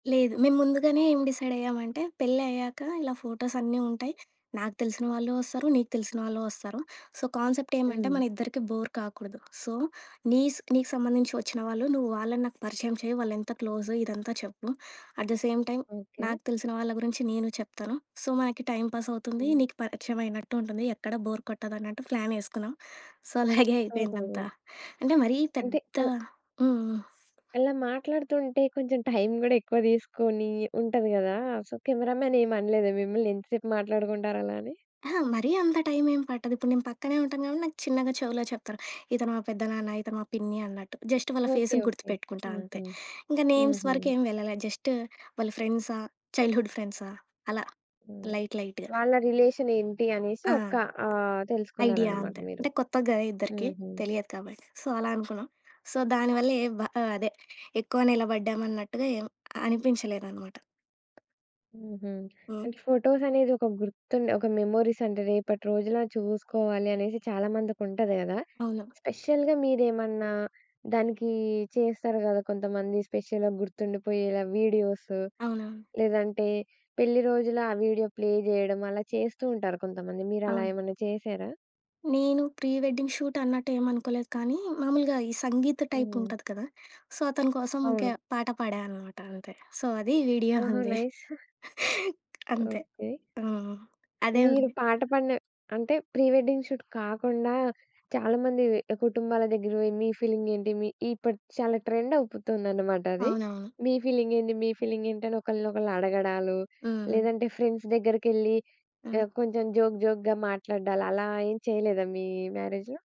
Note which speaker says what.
Speaker 1: లేదు. మేం ముందుగానే ఏం డిసైడయ్యామంటే, పెళ్లయ్యాక ఇలా ఫోటోస్ అన్నీ ఉంటాయి. నాకు తెలిసిన వాళ్ళు వస్తారు. నీకు తెలిసిన వాళ్ళు వస్తారు. సో, కాన్సెప్ట్ ఏమంటే,
Speaker 2: హ్మ్.
Speaker 1: మనిద్దరికీ బోర్ కాకూడదు. సో, నీస్ నీకు సంబంధించి వచ్చిన వాళ్ళు నువ్వు వాళ్ళని నాకు పరిచయం చెయ్య, వాళ్ళెంత క్లోజ్ ఇదంతా చెప్పు. At the same time
Speaker 2: okay.
Speaker 1: నాకు తెలిసిన వాళ్ళ గురించి నేను చెప్తాను. సో, మనకి టై‌మ్ పాస్ అవుతుంది.
Speaker 2: హ్మ్.
Speaker 1: నీకు పరిచయమైనట్టు ఉంటుంది ఎక్కడా బోర్ కొట్టదు అన్నట్టు ప్లానేసుకున్నాం. సో, అలాగే
Speaker 2: ఓహో!
Speaker 1: అయిపోయిందంతా అంటే మరీ
Speaker 2: అంటే
Speaker 1: పెద్ద
Speaker 2: ఒ
Speaker 1: హ్మ్. హ్మ్.
Speaker 2: అలా మాట్లాడుతూంటే కొంచెం టైమ్ గూడా ఎక్కువ దీసుకొని ఉంటది గదా! సో కెమెరా మ్యాన్ ఏమనలేదా మిమ్మల్ని ఎంత సేపు మాట్లాడుకుంటారు అలా అని?
Speaker 1: అహా! మరీ అంత టైమేం పట్టదు. ఇప్పుడు నేను పక్కనే ఉంటాను కాబట్టి నాకు చిన్నగా చెవులో చెప్తారు. ఇతను మా పెద్దనాన్న, ఇతను మా పిన్ని అన్నట్టు. జస్ట్ వాళ్ళ
Speaker 2: ఓకే.
Speaker 1: ఫేసులు
Speaker 2: ఓకే.
Speaker 1: గుర్తుపెట్టుకుంటా
Speaker 2: హుహు.
Speaker 1: అంతే. ఇంక నేమ్స్
Speaker 2: హుహు.
Speaker 1: వరకు ఏమి వెళ్ళల. జస్ట్ వాళ్ళ ఫ్రెండ్సా, చైల్డ్‌హుడ్ ఫ్రెండ్సా అలా
Speaker 2: హ్మ్.
Speaker 1: లైట్, లైట్‌గా.
Speaker 2: వాళ్ళ రిలేషనేంటి అనేసి
Speaker 1: ఆ!
Speaker 2: ఒక ఆహ్,
Speaker 1: ఐడియా
Speaker 2: తెలుసుకున్నారనమాట
Speaker 1: అంతే.
Speaker 2: మీరు.
Speaker 1: అంటే కొత్తగ్గా ఇద్దరికీ.
Speaker 2: హుహు.
Speaker 1: తెలియదు కాబట్టి. సో, అలా అనుకున్నాం. సో, దానివల్లే వ అదే ఎక్కువ నిలబడ్డాం అన్నట్టుగా ఏం అనిపించలేదనమాట.
Speaker 2: హుహు.
Speaker 1: హ్మ్.
Speaker 2: అంటే ఫోటోసనేది ఒక గుర్తుండే, ఒక మెమోరీసంటే, రేపటి రోజులా చూసుకోవాలనేసి చాలా మందికుంటది గదా!
Speaker 1: అవును.
Speaker 2: స్పెషల్‌గా మీరేమన్నా దానికి చేస్తారు గదా! కొంతమంది స్పెషల్‌గా గుర్తుండిపోయేలా వీడియోసు
Speaker 1: అవునా?
Speaker 2: లేదంటే పెళ్లి రోజులా ఆ వీడియో ప్లే జేయడం అలా చేస్తూ ఉంటారు కొంతమంది. మీరు అలా
Speaker 1: ఆ!
Speaker 2: ఏమన్నా చేశారా?
Speaker 1: నేను ప్రీ వెడ్డింగ్ షూట్ అన్నట్టేం అనుకోలేదు కానీ, మామూలుగా ఈ సంగీత్
Speaker 2: హ్మ్.
Speaker 1: టైపుంటది కదా! సో, అతని కోసం ఇంక
Speaker 2: అవును.
Speaker 1: పాట పాడా అనమాట అంతే. సో, అది వీడియో
Speaker 2: ఓహో!
Speaker 1: ఉంది.
Speaker 2: నైస్.
Speaker 1: అంతే.
Speaker 2: ఓకే.
Speaker 1: హ్మ్. అదే
Speaker 2: మీరు
Speaker 1: ఉంది.
Speaker 2: పాట పాడిన అంటే ప్రీ వెడ్డింగ్ షూట్ కాకుండా చాలా మందివి కుటుంబాల దగ్గర పోయి మీ ఫీలింగేంటి? మీ ఇప్పుడు చాలా ట్రెండవుపుతుందనమాటది.
Speaker 1: అవునవును.
Speaker 2: మీ ఫీలింగేంటి, మీ ఫీలింగేంటని ఒకళ్ళని ఒకళ్ళు అడగడాలు,
Speaker 1: హ్మ్.
Speaker 2: లేదంటే ఫ్రెండ్స్ దెగ్గరికెళ్ళి
Speaker 1: హ్మ్.
Speaker 2: ఆహ్, కొంచెం జోక్, జోక్‌గా మాట్లాడ్డాలు అలా ఏం చెయలేదా, మీ మ్యారేజ్‌లో?